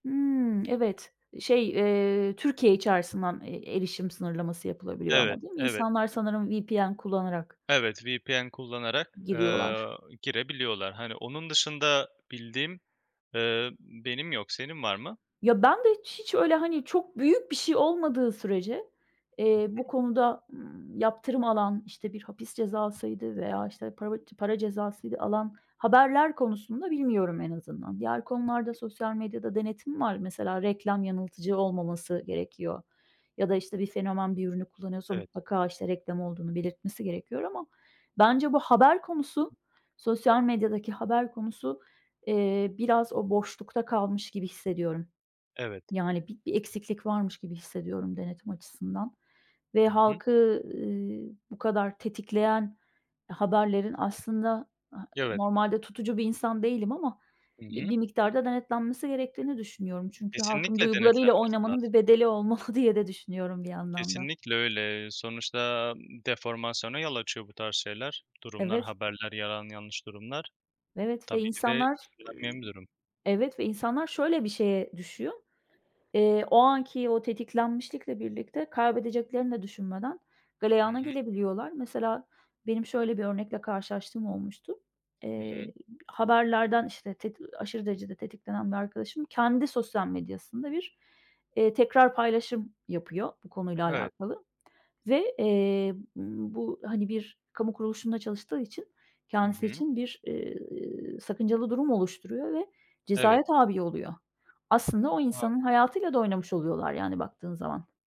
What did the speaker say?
Hımm, evet. Şey, eee, Türkiye içerisinden, eee, erişim sınırlaması yapılabiliyor Evet, ama, değil mi? evet. İnsanlar sanırım VPN kullanarak Evet, VPN kullanarak, eee, giriyorlar. girebiliyorlar. Hani, onun dışında bildiğim, eee, benim yok. Senin var mı? Ya ben de hiç hiç öyle, hani, çok büyük bir şey olmadığı sürece, Hı eee, bu hı. konuda, ııı, yaptırım alan, işte, bir hapis cezasıydı veya, işte, parav para cezasıydı alan haberler konusunda, bilmiyorum, en azından. Diğer Hı konularda hı. sosyal medyada denetim var. Mesela, reklam yanıltıcı olmaması gerekiyor ya da, işte, bir fenomen bir ürünü kullanıyorsa, Evet. mutlaka, işte, reklam olduğunu belirtmesi gerekiyor. Ama bence bu haber konusu, sosyal medyadaki haber konusu, eee, biraz o boşlukta kalmış gibi hissediyorum. Evet. Yani, bi-bir eksiklik varmış gibi hissediyorum, denetim açısından. Ve Hı hı. halkı, eee, bu kadar tetikleyen haberlerin aslında, eee, Evet. normalde tutucu bir insan değilim ama Hı bi hı. bir miktarda denetlenmesi gerektiğini düşünüyorum. Çünkü halkın Kesinlikle, duygularıyla denetlenmesi oynamanın bir lazım. bedeli olmalı diye de düşünüyorum, bir yandan da. Kesinlikle, öyle. Sonuçta, deformasyona yol açıyor bu tarz şeyler, durumlar, Evet. haberler, yalan yanlış durumlar. Evet ve Tabii, bir de insanlar, ııı, istenmeyen bir durum. evet ve insanlar şöyle bir şeye düşüyor: Eee, o anki o tetiklenmişlikle birlikte kaybedeceklerini de düşünmeden, Hı galeyana hı. gelebiliyorlar. Mesela, benim şöyle bir örnekle karşılaştığım olmuştu. Hı hı. Eee, haberlerden, işte, teti aşırı derecede tetiklenen bir arkadaşım kendi sosyal medyasında bir, eee, tekrar paylaşım yapıyor bu konuyla Evet. alakalı ve eee, bu hani, bir kamu kuruluşunda çalıştığı için Hı kendisi hı. için bir, eee, sakıncalı durum oluşturuyor ve Evet. cezaya tâbi oluyor. Aslında o A! insanın hayatıyla da oynamış oluyorlar, yani, baktığın zaman.